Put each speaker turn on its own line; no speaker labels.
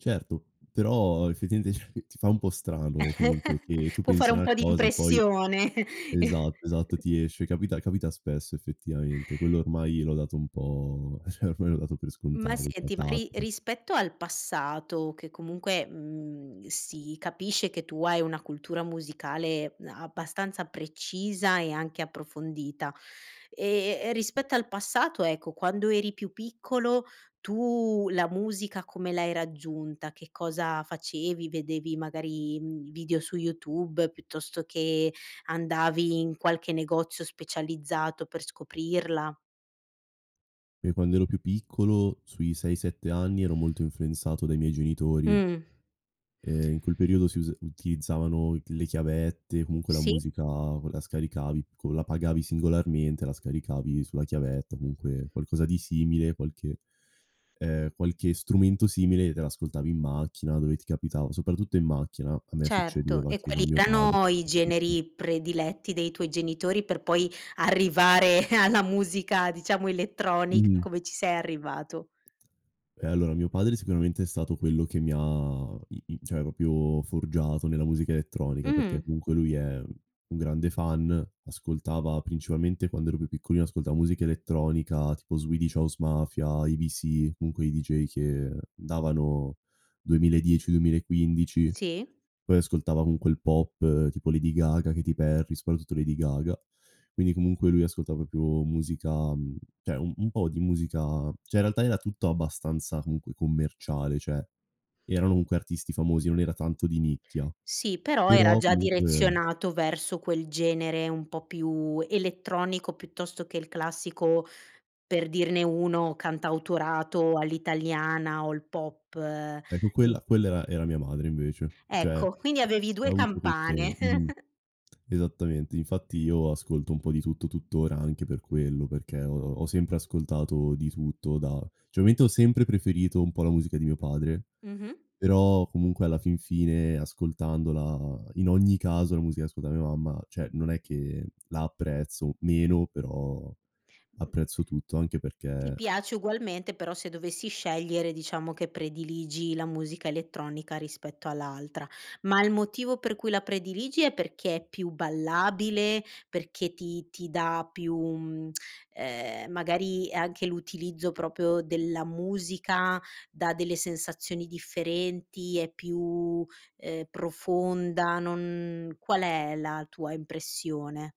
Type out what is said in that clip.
Certo. Però effettivamente cioè ti fa un po' strano, comunque, che tu
Può fare
pensi a
un
una
po' di
cosa e poi
impressione.
esatto, esatto ti esce capita capita spesso effettivamente, quello ormai l'ho dato un po' cioè ormai l'ho dato per
Ma
scontato cioè
senti, ma ri
capita.
rispetto al passato, che comunque, mhmm, si capisce che tu hai una cultura musicale abbastanza precisa e anche approfondita. Ehm, e rispetto al passato, ecco, quando eri più piccolo tu la musica come l'hai raggiunta? Che cosa facevi? Vedevi magari, mhmm, i video su YouTube piuttosto che andavi in qualche negozio specializzato per scoprirla?
Io quando ero più piccolo, sui 6-7 anni, ero molto influenzato dai miei genitori
Mh.
ehm, in quel periodo si usa utilizzavano d le chiavette, comunque la
Sì.
musica co la scaricavi co la pagavi singolarmente, la scaricavi sulla chiavetta, comunque qualcosa di simile, qualche ehm, qualche strumento simile e te l'ascoltavi in macchina, dove ti capitava, soprattutto in macchina, a me
Certo.
succedeva
E
che
quali
con mio padre
erano i
[unintelligible]
generi prediletti dei tuoi genitori per poi arrivare alla musica diciamo elettronica,
Mh-mh.
come ci sei arrivato?
Eh allora mio padre sicuramente è stato quello che mi ha i i cioè proprio forgiato nella musica elettronica, perché
Mh.
comunque lui è un grande fan, ascoltava principalmente quando ero più piccolino ascoltava musica elettronica, tipo Swedish House Mafia, IBC, comunque i DJ che davano 2010-2015.
Sì.
Poi ascoltava comunque il pop, tipo Lady Gaga, Katy Perry, soprattutto Lady Gaga. Quindi comunque lui ascolta proprio musica, mhmm cioè un un po' di musica cioè in realtà era tutto abbastanza, comunque, commerciale; cioè erano comunque artisti famosi, non era tanto di nicchia.
Sì, però era
Però
già
comunque
direzionato verso quel genere un po' più elettronico, piuttosto che il classico, per dirne uno, cantautorato all'italiana o il pop.
Ecco quella
I
quella era era mia madre invece. Cioè,
Ecco. Quindi avevi
ha
2
avuto questo
campane.
mh-mh. Esattamente, infatti io ascolto un po' di tutto tuttora anche per quello, perché ho ho sempre ascoltato di tutto da cioè ovviamente ho sempre preferito un po' la musica di mio padre;
Mh-mh.
però comunque, alla fin fine, ascoltandola, in ogni caso, la musica che ascolta mia mamma, cioè non è che la apprezzo meno, però apprezzo tutto anche
Ti
perché
piace ugualmente però, se dovessi scegliere, diciamo che prediligi la musica elettronica rispetto all'altra. Ma il motivo per cui la prediligi è perché è più ballabile, perché ti ti dà più, mhmm, ehm magari anche l'utilizzo proprio della musica dà delle sensazioni differenti, è più, ehm, profonda, non qual è la tua impressione?